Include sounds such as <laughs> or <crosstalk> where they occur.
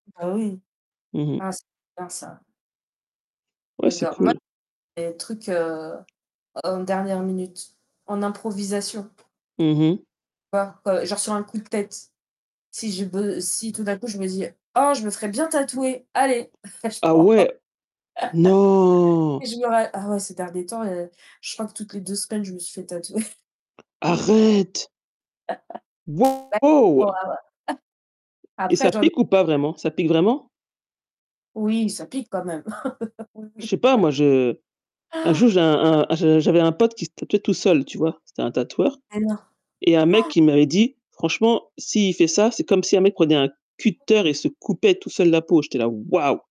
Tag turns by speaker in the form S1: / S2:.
S1: Bah, oui,
S2: Mmh mh.
S1: ah, c'est bien ça.
S2: Ouais, c'est
S1: J'adore, moi,
S2: cool.
S1: les trucs, heu, en dernière minute en improvisation.
S2: Mmh mh.
S1: <unintelligible> Genre sur un coup de tête, si je b heu, si tout d'un coup je me dis: «Oh, je me ferais bien tatouer, allez», <laughs> je
S2: Ah
S1: crois.
S2: ouais!
S1: <laughs> Et
S2: Non!
S1: je me ra ah ouais, ces derniers temps, heu, je crois que toutes les 2 semaines, je me suis fait tatouer. <chuckles>
S2: Arrête!
S1: <laughs>
S2: Waouh!
S1: <unintelligible>
S2: Et
S1: Après
S2: ça
S1: j'en
S2: pique ou pas vraiment? Ça pique vraiment?
S1: Oui ça pique quand même. <laughs> Oui,
S2: Je
S1: oui.
S2: sais pas,
S1: <chuckles>
S2: moi je un jour
S1: Ah,
S2: j'ai un
S1: <unintelligible>
S2: un je j'avais un pote qui se tatouait tout seul, tu vois? C'était un tatoueur
S1: Mais non.
S2: et il y a un mec
S1: <gasps>
S2: qui m'avait dit: «Franchement, s'il fait ça, c'est comme si un mec prenait un cutter et se coupait tout seul la peau», j'étais là: «Waouh!»